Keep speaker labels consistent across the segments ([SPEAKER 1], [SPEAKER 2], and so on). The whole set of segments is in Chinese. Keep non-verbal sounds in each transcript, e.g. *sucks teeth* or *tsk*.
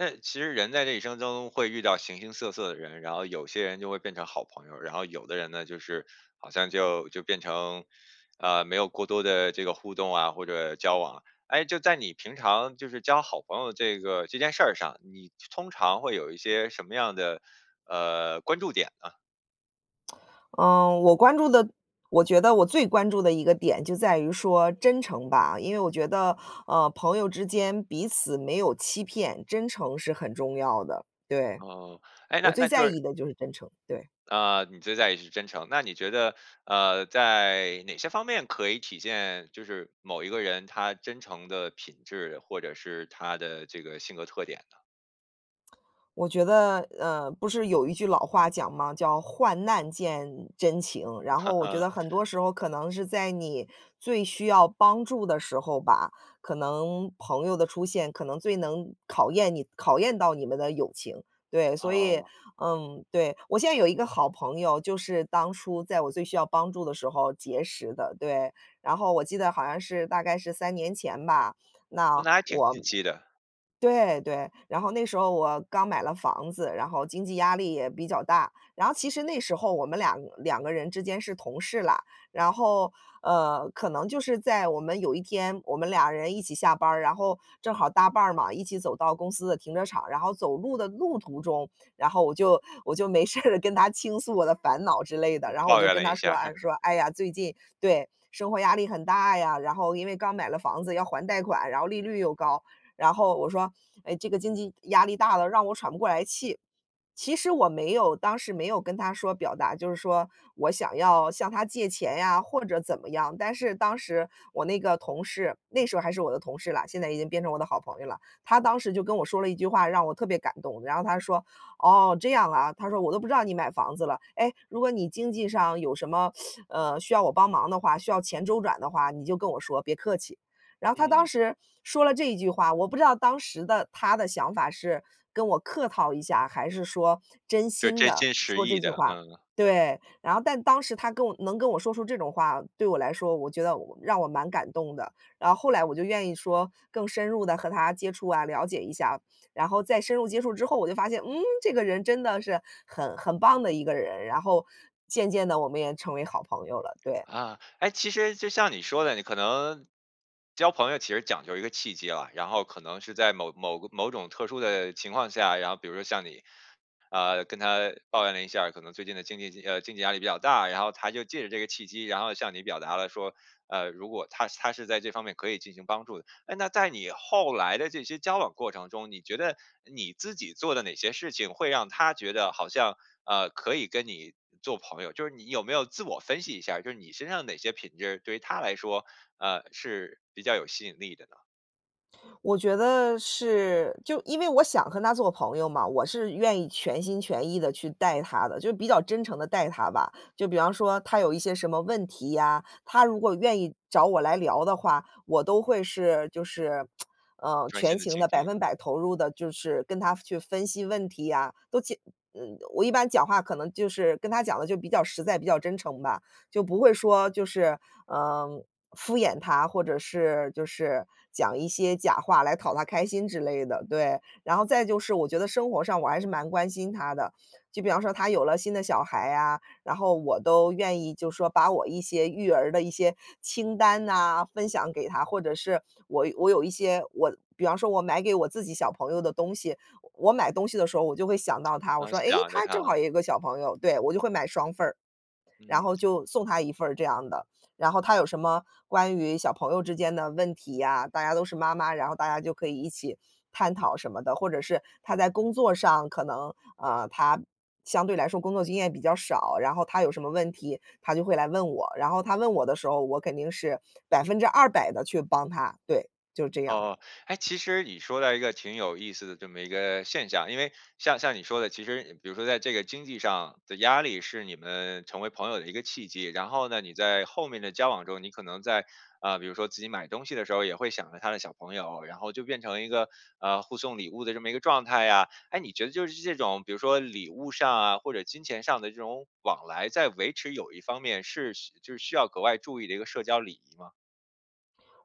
[SPEAKER 1] 那其实人在这一生中会遇到形形色色的人，然后有些人就会变成好朋友，然后有的人呢，就是好像就就变成，呃，没有过多的这个互动啊，或者交往。哎，就在你平常就是交好朋友这个这件事儿上，你通常会有一些什么样的，呃，关注点呢？
[SPEAKER 2] *smacks lips* 嗯，我关注的我觉得我最关注的一个点就在于说真诚吧。因为我觉得，呃，朋友之间彼此没有欺骗，真诚是很重要的，对。
[SPEAKER 1] 哦，诶，
[SPEAKER 2] 我
[SPEAKER 1] 那
[SPEAKER 2] 最
[SPEAKER 1] 那
[SPEAKER 2] 在
[SPEAKER 1] 就是
[SPEAKER 2] 意的就是真诚，对。
[SPEAKER 1] 啊，你最在意是真诚，那你觉得，呃，在哪些方面可以体现就是某一个人他真诚的品质，或者是他的这个性格特点呢？
[SPEAKER 2] *tsk* 我觉得，呃，不是有一句老话讲吗，叫：“患难见真情。”然后我觉
[SPEAKER 1] *laughs*
[SPEAKER 2] 得很多时候可能是在你最需要帮助的时候吧，可能朋友的出现可能最能考验你考验到你们的友情。对，所以，
[SPEAKER 1] 哦。
[SPEAKER 2] 嗯，对，我现在有一个好朋友，就是当初在我最需要帮助的时候结识的，对，然后我记得好像是大概是3年前吧，那
[SPEAKER 1] 那还挺
[SPEAKER 2] 我
[SPEAKER 1] 近期的。
[SPEAKER 2] 对，对，然后那时候我刚买了房子，然后经济压力也比较大，然后其实那时候我们2个2个人之间是同事啦，然后，呃，可能就是在我们有一天我们俩人一起下班儿，然后正好搭伴儿嘛，一起走到公司的停车场，然后走路的路途中，然后我就我就没事了跟他倾诉我的烦恼之类的，
[SPEAKER 1] 就
[SPEAKER 2] 然后我
[SPEAKER 1] 抱
[SPEAKER 2] 就
[SPEAKER 1] 怨
[SPEAKER 2] 跟
[SPEAKER 1] 了
[SPEAKER 2] 他
[SPEAKER 1] 一
[SPEAKER 2] 说
[SPEAKER 1] 下儿。
[SPEAKER 2] 啊，
[SPEAKER 1] *chuckles*
[SPEAKER 2] 说：“哎呀，最近对，生活压力很大呀，然后因为刚买了房子要还贷款，然后利率又高，"然后我说：“哎，这个经济压力大了，让我喘不过来气。”其实我没有当时没有跟他说表达就是说我想要向他借钱呀，或者怎么样。但是当时我那个同事，那时候还是我的同事啦，现在已经变成我的好朋友啦。他当时就跟我说了一句话，让我特别感动，然后他说：“哦，这样啊，”他说：“我都不知道你买房子了。哎，如果你经济上有什么，，*sucks teeth* 呃，需要我帮忙的话，需要钱周转的话，你就跟我说，别客气。”然后他当
[SPEAKER 1] 嗯。
[SPEAKER 2] 时说了这一句话，我不知道当时的他的想法是跟我客套一下，还是说真
[SPEAKER 1] 就
[SPEAKER 2] 心
[SPEAKER 1] 真
[SPEAKER 2] 地
[SPEAKER 1] 心实
[SPEAKER 2] 说这
[SPEAKER 1] 意
[SPEAKER 2] 句
[SPEAKER 1] 的，
[SPEAKER 2] 话。
[SPEAKER 1] 嗯。
[SPEAKER 2] 对，然后但当时他跟我能跟我说出这种话，对我来说，我觉得我让我蛮感动的，然后后来我就愿意说更深入地和他接触啊，了解一下。然后再深入接触之后，我就发现，嗯，这个人真的是很很棒的一个人，然后渐渐地我们也成为好朋友了，对。
[SPEAKER 1] 啊，哎，其实就像你说的，你可能交朋友其实讲究一个契机啊，然后可能是在某某个某种特殊的情况下，然后比如说像你，呃，跟他抱怨了一下儿，可能最近的经济呃，经济压力比较大，然后他就借着这个契机，然后向你表达了说，呃，如果他他是在这方面可以进行帮助的。哎，那在你后来的这些交往过程中，你觉得你自己做的哪些事情会让他觉得好像，呃，可以跟你做朋友。就是你有没有自我分析一下儿，就是你身上哪些品质对于他来说，呃，是比较有吸引力的呢？
[SPEAKER 2] 我觉得是，就因为我想和她做朋友嘛，我是愿意全心全意地去带她的，就是比较真诚地带她吧。就比方说她有一些什么问题呀，她如果愿意找我来聊的话，我都会是，就是 *smacks lips* 呃，
[SPEAKER 1] 专
[SPEAKER 2] 全
[SPEAKER 1] 心地
[SPEAKER 2] 情
[SPEAKER 1] 倾
[SPEAKER 2] 地百
[SPEAKER 1] 听。
[SPEAKER 2] 分百投入地，就是跟她去分析问题啊，都解嗯，我一般讲话可能就是跟她讲得就比较实在、比较真诚吧。就不会说就是，嗯，敷衍她，或者是就是讲一些假话来讨她开心之类的，对。然后再就是我觉得生活上我还是蛮关心她的，就比方说她有了新的小孩啊，然后我都愿意就说把我一些育儿的一些清单哪，分享给她。或者是我我有一些我比方说我买给我自己小朋友的东西，我我买东西的时候我就会想到她，我
[SPEAKER 1] 能
[SPEAKER 2] 说：“哎，
[SPEAKER 1] 想着
[SPEAKER 2] 她
[SPEAKER 1] 她。
[SPEAKER 2] 正好有一个小朋友。”对，我就会买双份儿，然
[SPEAKER 1] 嗯。
[SPEAKER 2] 后就送她一份儿这样的。然后她有什么关于小朋友之间的问题啊，大家都是妈妈，然后大家就可以一起探讨什么的，或者是她在工作上可能，啊，她相对来说工作经验比较少，然后她有什么问题，她就会来问我，然后她问我的时候，我肯定是200%地去帮她，对，就是这样。
[SPEAKER 1] 哦，哎，其实你说到一个挺有意思的这么一个现象，因为像像你说的，其实比如说在这个经济上的压力，是你们成为朋友的一个契机，然后呢，你在后面的交往中，你可能在，呃，比如说自己买东西的时候，也会想着她的小朋友，然后就变成一个，呃，互送礼物的这么一个状态呀。哎，你觉得就是这种，比如说礼物上啊，或者金钱上的这种往来，在维持友谊方面是就是需要格外注意的一个社交礼仪吗？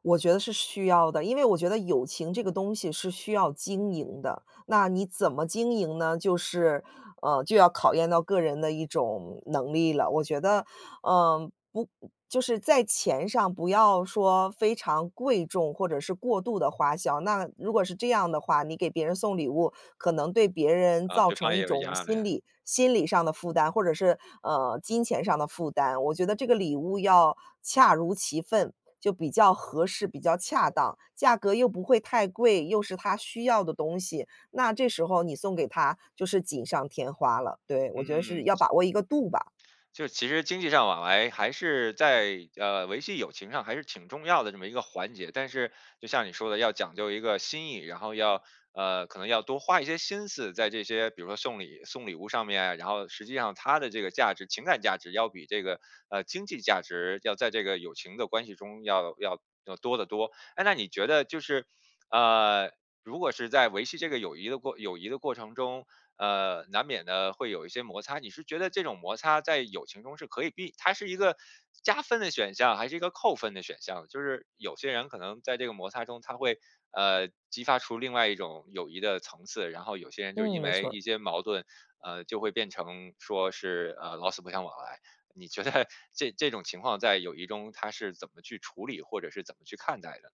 [SPEAKER 2] 我觉得是需要的，因为我觉得友情这个东西是需要经营的，那你怎么经营呢？就是呃，就要考验到个人的一种能力了。我觉得，呃，不就是在钱上不要说非常贵重或者是过度的花销，那如果是这样的话，你给别人送礼物，可能对别人
[SPEAKER 1] 啊，
[SPEAKER 2] 造
[SPEAKER 1] 对方
[SPEAKER 2] 成
[SPEAKER 1] 也
[SPEAKER 2] 一
[SPEAKER 1] 有
[SPEAKER 2] 种
[SPEAKER 1] 压来。
[SPEAKER 2] 心理心理上的负担，或者是呃金钱上的负担。我觉得这个礼物要恰如其分，就比较合适，比较恰当，价格又不会太贵，又是他需要的东西，那这时候你送给他就是锦上添花了，对。我觉得是
[SPEAKER 1] 嗯。
[SPEAKER 2] 要把握一个度吧。
[SPEAKER 1] 就其实经济上往来还是在，呃，维系友情上还是挺重要的这么一个环节。但是就像你说的要讲究一个心意，然后要呃，可能要多花一些心思在这些比如说送礼送礼物上面，然后实际上它的这个价值情感价值要比这个，呃，经济价值要在这个友情的关系中要要要多得多。哎，那你觉得就是，呃，如果是在维系这个友谊的过友谊的过程中，呃。难免呢会有一些摩擦你是觉得这种摩擦在友情中是可以避它是一个加分的选项还是一个扣分的选项。就是有些人可能在这个摩擦中他会，呃，激发出另外一种友谊的层次，然后有些人就
[SPEAKER 2] 嗯，
[SPEAKER 1] 因
[SPEAKER 2] 没
[SPEAKER 1] 为
[SPEAKER 2] 错儿。
[SPEAKER 1] 一些矛盾，呃，就会变成说是，呃，老死不相往来。你觉得这这种情况在友谊中他是怎么去处理，或者是怎么去看待的？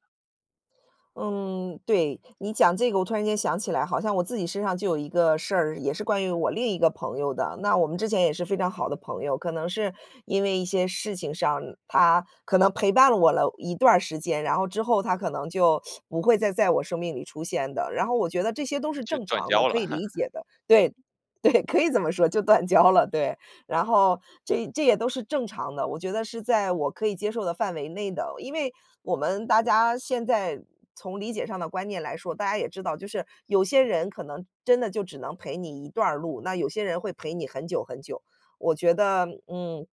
[SPEAKER 2] 嗯，对，你讲这个我突然间想起来，好像我自己身上就有一个事儿，也是关于我另一个朋友的。那，我们之前也是非常好的朋友，可能是因为一些事情上，她可能陪伴了我了一段儿时间，然后之后她可能就 *sucks teeth* 不会再在我生命里出现的。然后我觉得这些都是
[SPEAKER 1] 就
[SPEAKER 2] 正
[SPEAKER 1] 断
[SPEAKER 2] 常的，
[SPEAKER 1] 交
[SPEAKER 2] 可
[SPEAKER 1] 了。
[SPEAKER 2] 以理
[SPEAKER 1] *chuckles*
[SPEAKER 2] 解的。对，对，可以这么说，就断交了，对。然后这这也都是正常的，我觉得是在我可以接受的范围内的。因为我们大家现在，从理解上的观念来说，大家也知道，就是有些人可能真的就只能陪你一段儿路，那有些人会陪你很久很久。我觉得，嗯，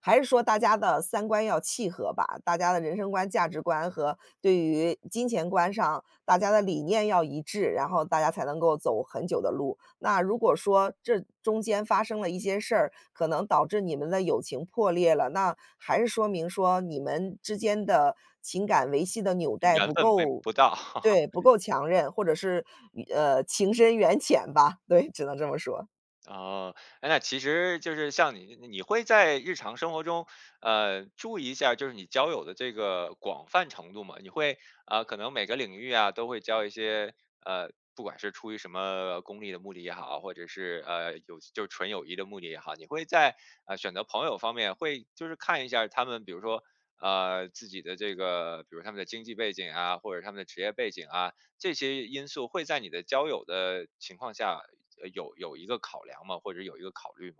[SPEAKER 2] 还是说大家的三观要契合吧。大家的人生观、价值观和对于金钱观上，大家的理念要一致，然后大家才能够走很久的路。那如果说这中间发生了一些事儿，可能导致你们的友情破裂了，那还是说明，说，你们之间的情感维系的纽带
[SPEAKER 1] 缘
[SPEAKER 2] 不
[SPEAKER 1] 分没
[SPEAKER 2] 够
[SPEAKER 1] 不到。
[SPEAKER 2] 对，不
[SPEAKER 1] *chuckles*
[SPEAKER 2] 够强韧，或者是，缘呃，情深缘浅吧。对，只能这么说。
[SPEAKER 1] 哦，哎，那其实就是像你你会在日常生活中，呃，注意一下儿，就是你交友的这个广泛程度吗？你会，呃，可能每个领域啊，都会交一些，呃，不管是出于什么功利的目的也好，或者是，呃，友就是纯友谊的目的也好，你会在，呃，选择朋友方面会就是看一下儿他们，比如说，啊，自己的这个，比如说他们的经济背景啊，或者是他们的职业背景啊，这些因素会在你的交友的情况下，呃，有有一个考量吗？或者有一个考虑吗？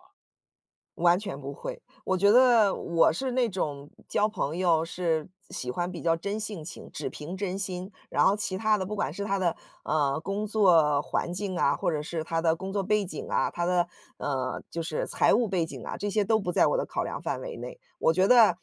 [SPEAKER 2] 完全不会。我觉得我是那种交朋友是喜欢比较真性情，只凭真心，然后其他的不管是他的，呃，工作环境啊，或者是他的工作背景啊，他的，呃，就是财务背景啊，这些都不在我的考量范围内。我觉得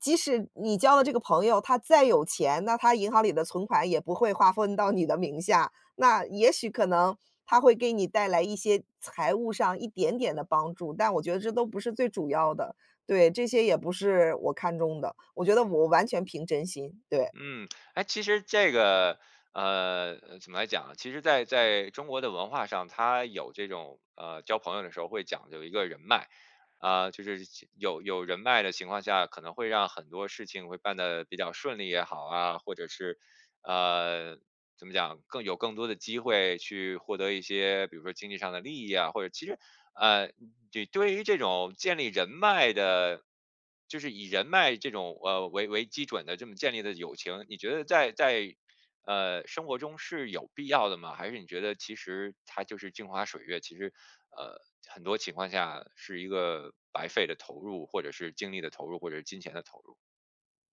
[SPEAKER 2] 即使你交的这个朋友，他再有钱，那他银行里的存款也不会划分到你的名下，那也许可能他会给你带来一些财务上一点点的帮助，但我觉得这都不是最主要的。对，这些也不是我看中的，我觉得我完全凭真心，对。
[SPEAKER 1] 嗯，哎，其实这个，呃，怎么来讲呢，其实在在中国的文化上，它有这种，呃，交朋友的时候会讲究一个人脉，啊，就是有有人脉的情况下，可能会让很多事情会办得比较顺利也好啊，或者是呃，怎么讲，更有更多的机会去获得一些，比如说，经济上的利益啊，或者其实呃，这对于这种建立人脉的就是以人脉这种，呃，为为基准的这么建立的友情，你觉得在在呃，生活中是有必要的吗？还是你觉得其实它就是镜花水月，其实，呃，很多情况下是一个白费的投入，或者是精力的投入，或者是金钱的投入？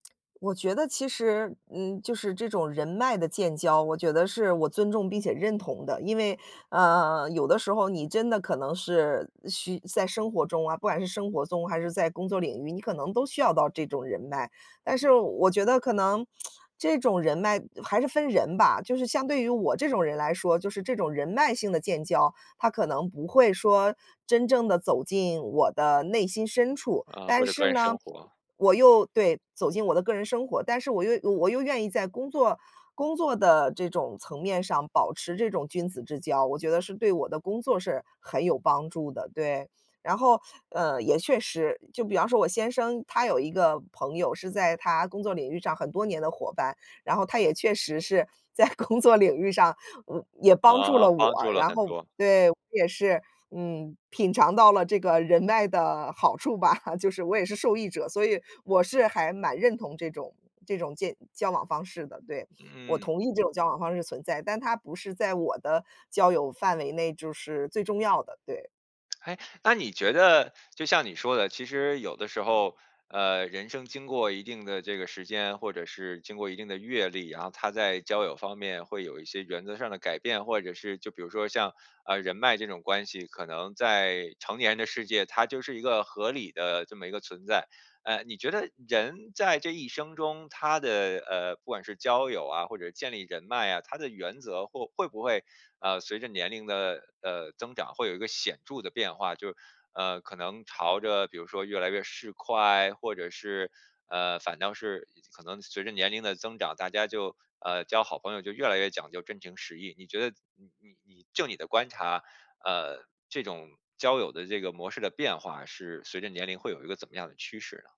[SPEAKER 2] *tsk* 我觉得其实，嗯，就是这种人脉的建交，我觉得是我尊重并且认同的，因为，呃，有的时候你真的可能是需在生活中啊，不管是生活中，还是在工作领域，你可能都需要到这种人脉。但是我觉得可能 *tsk* 这种人脉还是分人吧，就是相对于我这种人来说，就是这种人脉性的建交，它可能不会说真正地走进我的内心深处。
[SPEAKER 1] 呃，
[SPEAKER 2] 但
[SPEAKER 1] 或者个
[SPEAKER 2] 是
[SPEAKER 1] 人
[SPEAKER 2] 呢，
[SPEAKER 1] 生活。
[SPEAKER 2] 我又对，走进我的个人生活，但是我又我又愿意在工作工作的这种层面上保持这种君子之交，我觉得是对我的工作是很有帮助的，对。然后，呃，也确实，就比方说我先生，他有一个朋友是在他工作领域上很多年的伙伴，然后他也确实是在工作领域上嗯，也帮助
[SPEAKER 1] 啊，
[SPEAKER 2] 了
[SPEAKER 1] 帮
[SPEAKER 2] 我，
[SPEAKER 1] 助了
[SPEAKER 2] 然
[SPEAKER 1] 很
[SPEAKER 2] 后，
[SPEAKER 1] 多。
[SPEAKER 2] 对，我也是，嗯，品尝到了这个人脉的好处吧，就是我也是受益者，所以我是还蛮认同这种这种建交往方式的。对，我
[SPEAKER 1] 嗯。
[SPEAKER 2] 同意这种交往方式存在，但它不是在我的交友范围内，就是，最重要的，对。
[SPEAKER 1] *smacks lips* 哎，那你觉得就像你说的，其实有的时候，呃，人生经过一定的这个时间，或者是经过一定的阅历，然后他在交友方面会有一些原则上的改变。或者是就比如说像，呃，人脉这种关系，可能在成年人的世界，它就是一个合理的这么一个存在。呃，你觉得人在这一生中他的，呃，不管是交友啊，或者建立人脉啊，他的原则会会不会，呃，随着年龄的，呃，增长会有一个显著的变化？就，呃，可能朝着比如说越来越市侩，或者是，呃，反倒是可能随着年龄的增长，大家就呃，交好朋友就越来越讲究真情实意。你觉得你你你就你的观察，呃，这种交友的这个模式的变化，是随着年龄会有一个怎么样的趋势呢？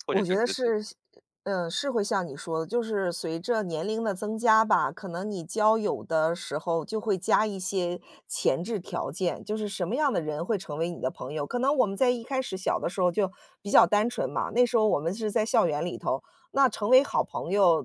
[SPEAKER 2] *smacks lips*
[SPEAKER 1] 或者
[SPEAKER 2] 我
[SPEAKER 1] 是
[SPEAKER 2] 觉
[SPEAKER 1] 你
[SPEAKER 2] 得
[SPEAKER 1] 自己
[SPEAKER 2] 是，像呃，是会像你说的，就是随着年龄的增加吧，可能你交友的时候就会加一些前置条件，就是，什么样的人会成为你的朋友。可能我们在一开始小的时候儿就比较单纯嘛，那时候我们是在校园里头，那成为好朋友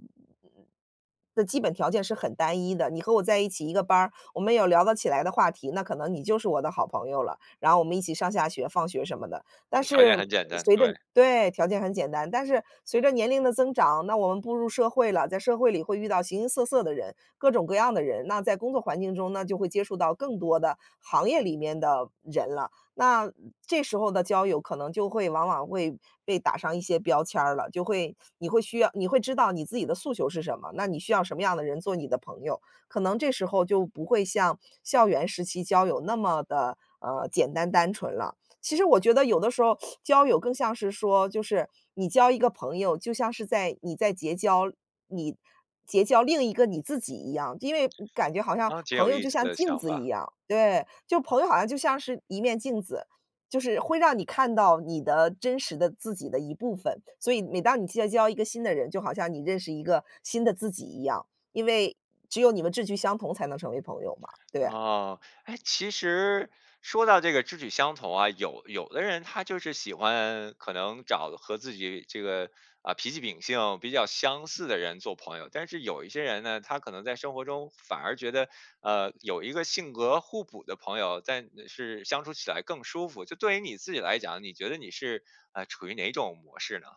[SPEAKER 2] 的基本条件是很单一的。你和我在一起，一个班儿，我们有聊得起来的话题，那可能你就是我的好朋友了。然后我们一起上下学、放学什么的。
[SPEAKER 1] 嗯，
[SPEAKER 2] 但
[SPEAKER 1] 条件
[SPEAKER 2] 是
[SPEAKER 1] 很简单，
[SPEAKER 2] 随着
[SPEAKER 1] 对。
[SPEAKER 2] 对，条件很简单，但是随着年龄的增长，那我们步入社会了，在社会里会遇到形形色色的人，各种各样的人，那在工作环境中，那就会接触到更多的行业里面的人了。那这时候的交友可能就会往往会被打上一些标签儿了，就会你会需要你会知道你自己的诉求是什么，那你需要什么样的人做你的朋友。可能这时候就不会像校园时期，交友那么地，呃，简单、单纯了。其实我觉得有的时候 *sucks teeth* 交友更像是说，就是你交一个朋友，就像是在你在结交你结交另一个你自己一样，因为嗯感觉好像
[SPEAKER 1] 啊，挺
[SPEAKER 2] 朋
[SPEAKER 1] 有
[SPEAKER 2] 友
[SPEAKER 1] 意
[SPEAKER 2] 就
[SPEAKER 1] 思
[SPEAKER 2] 像
[SPEAKER 1] 的
[SPEAKER 2] 镜
[SPEAKER 1] 想
[SPEAKER 2] 子一
[SPEAKER 1] 法。
[SPEAKER 2] 样。对，就朋友好像就像是一面镜子，就是会让你看到，你的真实的自己的一部分。所以每当你结交一个新的人，就好像你认识一个新的自己一样，因为只有你们志趣相同才能成为朋友嘛，对啊。
[SPEAKER 1] 啊，哎，其实说到这个志趣相投啊，有有的人他就是喜欢可能找和自己这个，啊，脾气秉性比较相似的人做朋友。但是有一些人呢，他可能在生活中反而觉得，呃，有一个性格互补的朋友，但是相处起来更舒服，就对于你自己来讲，你觉得你是，呃，处于哪种模式呢？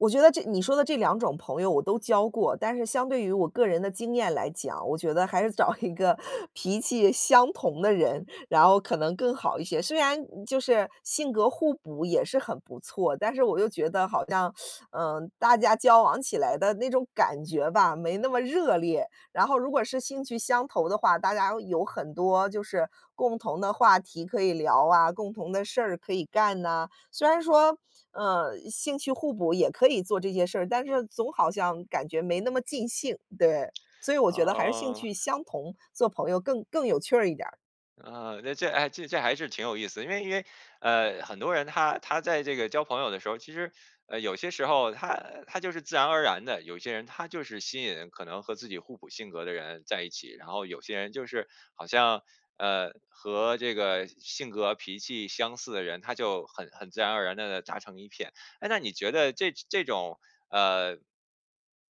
[SPEAKER 2] 我觉得这你说的这2种朋友我都交过，但是相对于我个人的经验来讲，我觉得还是找一个脾气相同的人，然后可能更好一些，虽然就是性格互补也是很不错，但是我又觉得，好像，*sucks teeth* 嗯，大家交往起来的那种感觉吧，没那么热烈，然后如果是兴趣相投的话，大家有很多就是共同的话题可以聊啊，共同的事儿可以干哪。虽然说，呃，兴趣互补也可以做这些事儿，但是总好像感觉没那么尽兴。对，所以我觉得还是兴
[SPEAKER 1] 哦。
[SPEAKER 2] 趣相同，做朋友更更有趣儿一点儿。
[SPEAKER 1] 呃，那这哎这这还是挺有意思，因为因为，呃，很多人他他在这个交朋友的时候，其实，呃，有些时候他他就是自然而然地，有些人他就是吸引可能和自己互补性格的人在一起，然后有些人就是好像，呃，和这个性格脾气相似的人，他就很很自然而然地达成一片。哎，那你觉得这这种，呃，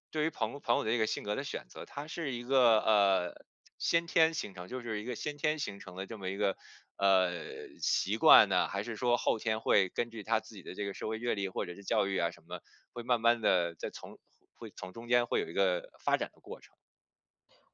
[SPEAKER 1] 对于朋朋友的这个性格的选择，它是一个，呃，先天形成，就是一个先天形成的这么一个，呃，习惯呢，还是说后天会根据他自己的这个社会阅历，或者是教育啊什么，会慢慢地再从会从中间会有一个发展的过程？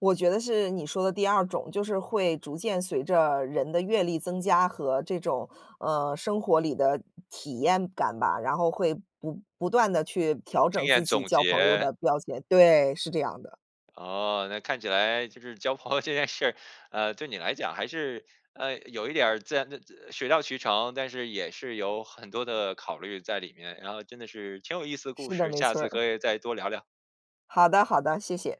[SPEAKER 2] 我觉得是你说的第2种，就是会逐渐随着人的阅历增加，和这种，呃，生活里的体验感吧，然后会不不断地去调
[SPEAKER 1] 经
[SPEAKER 2] 整
[SPEAKER 1] 验
[SPEAKER 2] 自己
[SPEAKER 1] 总
[SPEAKER 2] 交朋友
[SPEAKER 1] 结。
[SPEAKER 2] 的标签对，是这样的。
[SPEAKER 1] 哦，那看起来就是交朋友这件事儿，呃，对你来讲还是，呃，有一点儿自然的水到渠成，但是也是有很多的考虑在里面，然后真的是挺有意思的故
[SPEAKER 2] 是的，
[SPEAKER 1] 事，
[SPEAKER 2] 没
[SPEAKER 1] 下
[SPEAKER 2] 错
[SPEAKER 1] 次
[SPEAKER 2] 儿。
[SPEAKER 1] 可以再多聊聊。
[SPEAKER 2] 好的，好的，谢谢。